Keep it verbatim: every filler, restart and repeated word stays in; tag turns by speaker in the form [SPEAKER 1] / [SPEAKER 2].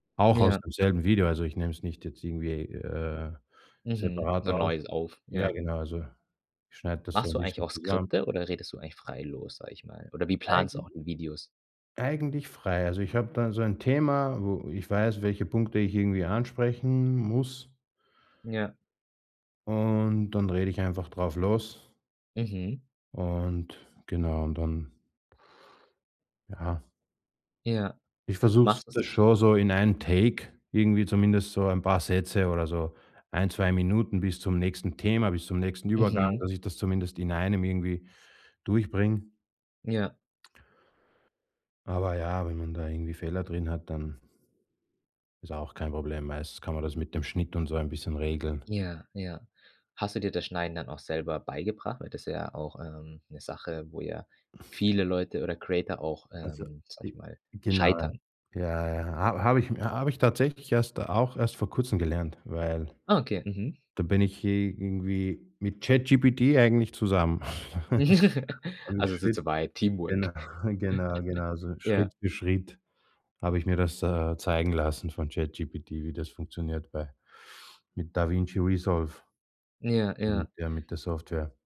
[SPEAKER 1] Auch aus
[SPEAKER 2] Ja.
[SPEAKER 1] demselben Video, also ich nehme es nicht jetzt irgendwie, äh,
[SPEAKER 2] Mhm. So
[SPEAKER 1] separat
[SPEAKER 2] 'n
[SPEAKER 1] auf.
[SPEAKER 2] neues auf
[SPEAKER 1] Ja
[SPEAKER 2] ja.
[SPEAKER 1] genau, also ich schneide das so
[SPEAKER 2] Machst
[SPEAKER 1] 'n
[SPEAKER 2] du eigentlich
[SPEAKER 1] bisschen
[SPEAKER 2] auch
[SPEAKER 1] zusammen.
[SPEAKER 2] Skripte oder redest du eigentlich frei los, sage ich mal? Oder wie planst du auch
[SPEAKER 1] Eigent
[SPEAKER 2] die Videos?
[SPEAKER 1] Eigentlich frei, also ich habe da so ein Thema, wo ich weiß, welche Punkte ich irgendwie ansprechen m muss
[SPEAKER 2] Ja.
[SPEAKER 1] und dann rede ich einfach drauf los
[SPEAKER 2] Mhm.
[SPEAKER 1] und genau und dann Ja.
[SPEAKER 2] Ja.
[SPEAKER 1] Ich versuch's
[SPEAKER 2] Machst
[SPEAKER 1] das
[SPEAKER 2] du's
[SPEAKER 1] schon so in einem Take irgendwie, zumindest so ein paar Sätze oder so ein, zwei Minuten bis zum nächsten Thema, bis zum nächsten Übergang,
[SPEAKER 2] Mhm.
[SPEAKER 1] dass ich das zumindest in einem irgendwie durchbringe.
[SPEAKER 2] Ja.
[SPEAKER 1] Aber ja, wenn man da irgendwie Fehler drin hat, dann ist auch kein Problem, meistens kann man das mit 'nem Schnitt und so ein bisschen regeln.
[SPEAKER 2] Ja, ja. Hast du dir das Schneiden dann auch selber beigebracht, weil das ist ja auch, ähm, 'ne Sache, wo ja viele Leute oder Creator auch,
[SPEAKER 1] Also,
[SPEAKER 2] ähm, sage
[SPEAKER 1] j
[SPEAKER 2] ich mal,
[SPEAKER 1] genau,
[SPEAKER 2] scheitern.
[SPEAKER 1] ja, ja, ja, ha habe ich mir habe ich tatsächlich erst auch erst vor Kurzem gelernt, weil
[SPEAKER 2] Okay. Mhm.
[SPEAKER 1] da bin ich i irgendwie mit ChatGPT eigentlich zusammen. [unintelligible]
[SPEAKER 2] Also es ist
[SPEAKER 1] Schritt
[SPEAKER 2] so weit,
[SPEAKER 1] genau,
[SPEAKER 2] Teamwork.
[SPEAKER 1] genau, genau, also
[SPEAKER 2] Ja.
[SPEAKER 1] Schritt für Schritt habe ich mir das, äh, zeigen lassen von ChatGPT, wie das funktioniert bei mit DaVinci Resolve
[SPEAKER 2] Ja,
[SPEAKER 1] mit
[SPEAKER 2] ja.
[SPEAKER 1] der mit der Software.